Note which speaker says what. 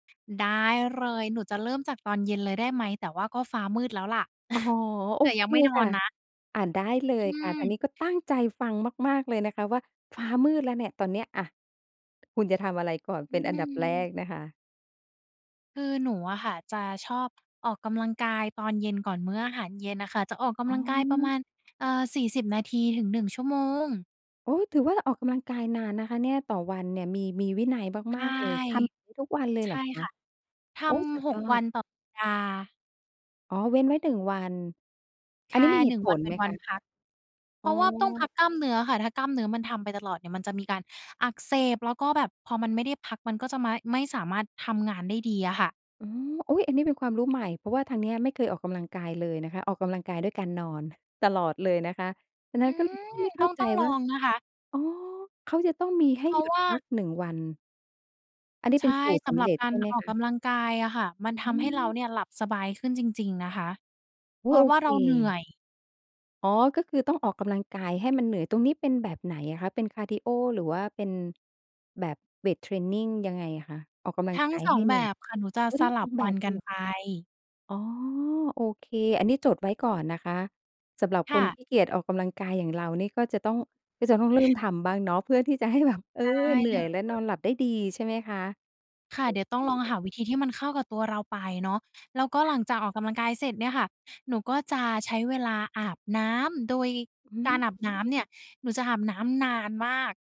Speaker 1: ได้เลย หนูจะเริ่มจากตอนเย็นเลยได้ไหม? แต่ว่าก็ฟ้ามืดแล้วแหละ
Speaker 2: อ๋อ โ
Speaker 1: แ
Speaker 2: อ
Speaker 1: ต่ย
Speaker 2: เค
Speaker 1: ังไม่นอ
Speaker 2: ค่
Speaker 1: น
Speaker 2: ะ
Speaker 1: นะ
Speaker 2: อา ได้เล
Speaker 1: อ
Speaker 2: ยค่ะ ทาง
Speaker 1: ืม
Speaker 2: นี้ก็ตั้งใจฟังมาก ๆ เลยนะคะว่าฟ้ามืดแล้วเนี่ยตอนเนี้ย อา คุณจะทำอะไรก่อน
Speaker 1: อ
Speaker 2: เ
Speaker 1: ื
Speaker 2: ป็นอันดับแร
Speaker 1: ม
Speaker 2: กนะคะ?
Speaker 1: คือหนูอะค่ะจะชอบออกกำลังกายตอนเย็นก่อนมื้ออาหารเย็นอะค่ะ จะออกก
Speaker 2: อ๋
Speaker 1: ำลังกายประม
Speaker 2: อ
Speaker 1: าณ อ่า 40 นาที ถึง 1 ชั่วโมง
Speaker 2: โอ๊ย ถือว่าออกกำลังกายนานนะคะเนี่ย ต่อวันเนี่ย มี มีวินัย
Speaker 1: ใช
Speaker 2: มา
Speaker 1: ่
Speaker 2: ก ๆ เลย ทำอย่างงี้ทุกวันเลย
Speaker 1: ใช
Speaker 2: เหร
Speaker 1: ่
Speaker 2: อคะ?
Speaker 1: ค่ะ ท
Speaker 2: โอ๊ย สุด
Speaker 1: ำ ห
Speaker 2: ย
Speaker 1: ก
Speaker 2: อ
Speaker 1: วั
Speaker 2: ด
Speaker 1: นต่อสัปดาห์
Speaker 2: อ๋อ เว้นไว้ 1 วัน
Speaker 1: ใ
Speaker 2: อ
Speaker 1: ช
Speaker 2: ัน
Speaker 1: ่
Speaker 2: นี้มีเห
Speaker 1: หนึ
Speaker 2: ต
Speaker 1: ่
Speaker 2: ุ
Speaker 1: ง
Speaker 2: ผ
Speaker 1: วัน
Speaker 2: ล
Speaker 1: เป็
Speaker 2: ไห
Speaker 1: น
Speaker 2: ม
Speaker 1: วั
Speaker 2: ค
Speaker 1: น
Speaker 2: ะ?
Speaker 1: พัก เพ
Speaker 2: อ๋
Speaker 1: ราะว่าต้องพ
Speaker 2: อ
Speaker 1: ักกล้ามเนื้อค่ะ ถ้ากล้ามเนื้อมันทำไปตลอดเนี่ยมันจะมีการอักเสบ แล้วก็แบบพอมันไม่ได้พัก มันก็จะไม้ ไม่สามารถทำงานได้ดีอะค่ะ
Speaker 2: อืม อุ๊ย อันนี้เป็นความรู้ใหม่ เพราะว่าทางนี้ไม่เคยออกกำลังกายเลยนะคะ ออกกำลังกายด้วยการนอนตลอดเลยนะคะ ฉะนั
Speaker 1: อ
Speaker 2: ้
Speaker 1: ื
Speaker 2: นก็เลย
Speaker 1: ม
Speaker 2: ไม่เข
Speaker 1: ต
Speaker 2: ้
Speaker 1: ้อ
Speaker 2: า
Speaker 1: ง
Speaker 2: ใ
Speaker 1: ต
Speaker 2: จ
Speaker 1: ้องล
Speaker 2: ว
Speaker 1: อ
Speaker 2: ่า
Speaker 1: งนะคะ
Speaker 2: อ๋อ เขาจะต้องมีให
Speaker 1: เพ
Speaker 2: ้
Speaker 1: ร
Speaker 2: ห
Speaker 1: า
Speaker 2: ย
Speaker 1: ะ
Speaker 2: ุด
Speaker 1: ว่
Speaker 2: พั
Speaker 1: า
Speaker 2: ก 1 วัน อันนี้
Speaker 1: ใช
Speaker 2: เป็
Speaker 1: ่
Speaker 2: นสูตร
Speaker 1: ส
Speaker 2: ส
Speaker 1: ำ
Speaker 2: ำ
Speaker 1: หรั
Speaker 2: เ
Speaker 1: บ
Speaker 2: ร็จ
Speaker 1: กา
Speaker 2: ใช
Speaker 1: ร
Speaker 2: ่ไหม
Speaker 1: ออ
Speaker 2: ค
Speaker 1: กก
Speaker 2: ะ?
Speaker 1: ำลังกายอะค่ะ มันท
Speaker 2: อื
Speaker 1: ำให้เรา
Speaker 2: ม
Speaker 1: เนี่ยหลับสบายขึ้นจริง ๆ นะคะ
Speaker 2: อ
Speaker 1: เพ
Speaker 2: ุ๊
Speaker 1: ร
Speaker 2: ย
Speaker 1: า
Speaker 2: โอ
Speaker 1: ะว่า
Speaker 2: เค
Speaker 1: เราเหนื่อย
Speaker 2: อ๋อ ก็คือต้องออกกำลังกายให้มันเหนื่อย ตรงนี้เป็นแบบไหนอะคะ เป็นคาร์ดีโอ หรือว่าเป็นแบบเวตเทรนนิง ยังไงอะคะ ออกกำลั
Speaker 1: ท
Speaker 2: ง
Speaker 1: ั้
Speaker 2: ก
Speaker 1: ง
Speaker 2: าย
Speaker 1: สอ
Speaker 2: ให
Speaker 1: ง
Speaker 2: ้เ
Speaker 1: แ
Speaker 2: ห
Speaker 1: บ
Speaker 2: นื่อย?
Speaker 1: บค่ะ หนูจะ
Speaker 2: เออ
Speaker 1: ส
Speaker 2: ทั้ง
Speaker 1: ล
Speaker 2: ส
Speaker 1: ั
Speaker 2: อ
Speaker 1: บ
Speaker 2: ง แบ
Speaker 1: วั
Speaker 2: บ
Speaker 1: น
Speaker 2: เล
Speaker 1: กั
Speaker 2: ย
Speaker 1: น
Speaker 2: เหรอ?
Speaker 1: ไป
Speaker 2: อ๋อ โอเค อันนี้จดไว้ก่อนนะคะ สำหรับ
Speaker 1: ค
Speaker 2: ค
Speaker 1: ่
Speaker 2: น
Speaker 1: ะ
Speaker 2: ขี้เกียจออกกำลังกายอย่างเรานี่ ก็จะต้อง ก็จะต้องเริ่มทำบ้างเนาะ เพื่อที่จะให้แบบ เออ
Speaker 1: ได้
Speaker 2: เหนื
Speaker 1: เ
Speaker 2: ่
Speaker 1: ล
Speaker 2: อย และนอ
Speaker 1: ย
Speaker 2: นหลับได้ดี ใช่ไหมคะ
Speaker 1: ค่ะ
Speaker 2: โอ
Speaker 1: เดี๋ย
Speaker 2: เ
Speaker 1: วต้อ
Speaker 2: ค
Speaker 1: งลอง
Speaker 2: เดี๋
Speaker 1: ห
Speaker 2: ยว
Speaker 1: าวิธีที่มันเข้ากับตัวเราไปเนาะ แล้วก็หลังจากออกกำลังกายเสร็จเนี่ยค่ะ หนูก็จะใช้เวลาอาบน้ำ โดย
Speaker 2: อื
Speaker 1: กา
Speaker 2: ม
Speaker 1: รอาบน้ำเนี่ยหนูจะอาบน้ำนานมาก